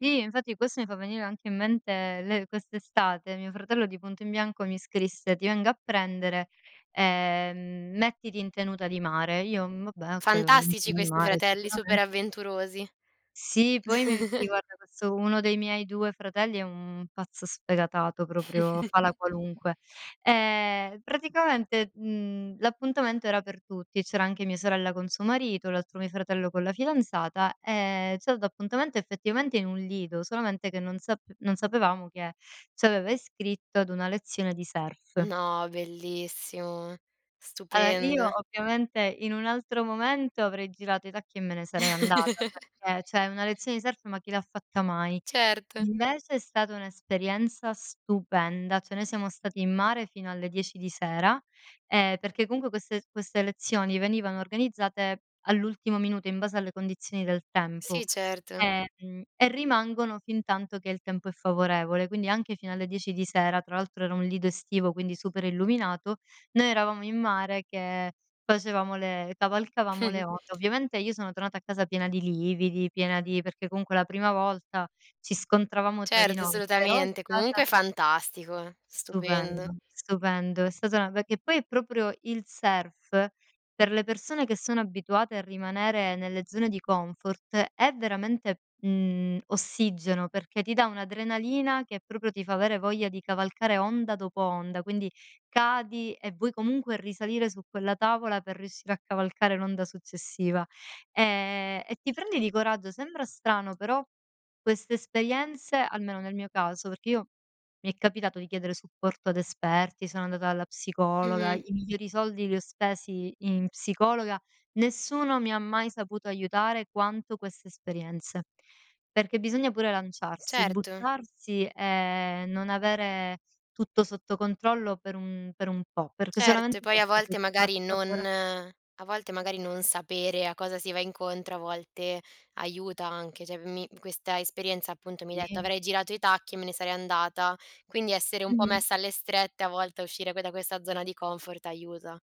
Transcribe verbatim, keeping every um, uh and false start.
I infatti questo mi fa venire anche in mente le quest'estate. Mio fratello di punto in bianco mi scrisse: "Ti vengo a prendere, ehm, mettiti in tenuta di mare." Io, mhmm, vabbè, oka, Fantastici [unintelligible] questi mare fratelli sicuramen super avventurosi. Sì, poi me sì, guarda [unintelligible] uno dei miei due fratelli è un pazzo sfegatato proprio, fa la qualunque. E praticamente, mhmm, l'appuntamento era per tutti e c'era anche mia sorella con suo marito, l'altro mio fratello con la fidanzata e c'ha dato appuntamento effettivamente in un lido, solamente che non sap non sapevamo che c'aveva iscritto ad una lezione di surf. No, bellissimo, ala, io stupendo. ovviamente in un altro momento, avrei girato i tacchi e me ne sarei andata, perché ceh una lezione di surf, ma chi l'ha fatta mai? Certo. Invece è stata un'esperienza stupenda, cioè noi siamo stati in mare fino alle dieci di sera, ehm, perché comunque queste queste lezioni venivano organizzate all'ultimo minuto in base alle condizioni del Sì, tempo, certo. ehm, mhmm, e rimangono fintanto che il tempo è favorevole, quindi anche fino alle dieci di sera. Tra altro era un lido estivo, quindi super illuminato. Noi eravamo in mare che facevamo le cavalcavamo le ote. Ovviamente io sono tornata a casa piena di lividi, piena di perché comunque la prima volta ci scontravamo tra di Certo, noi, però è solutamente. stata Comunque fantastico eh, stupendo. Stupendo, stupendo. È stata una be che poi è proprio il surf, per le persone che sono abituate a rimanere nelle zone di comfort, è veramente, mhmm, ossigeno, perché ti dà un'adrenalina che proprio ti fa avere voglia di cavalcare onda dopo onda, quindi cadi e vuoi comunque risalire su quella tavola, per riuscire a cavalcare l'onda successiva. Ehm, e ti prendi di coraggio, sembra strano però queste espeienze almeno nel mio caso, perché io mi è capitato di chiedere supporto ad esperti, sono andata alla psicologa, Mh-mh. i migliori soldi li ho spesi in psicologa, nessuno mi ha mai saputo aiutare quanto queste esperienze. Perché bisogna pure lanciarsi, Certo. buttarsi e non avere tutto sotto controllo per un per un po', perché Cert e solamente poi a questo poi volte ti fa magari non assapora a volte magari non sapere a cosa si va incontro, a volte aiuta anche. ceh mi questa esperienza appunto mi detto: I "Avrei girato i tacchi e me ne sarei andata." Quindi essere un po' Mh-mh. messa alle strette a volte, a uscire que da questa zona di comfort aiuta.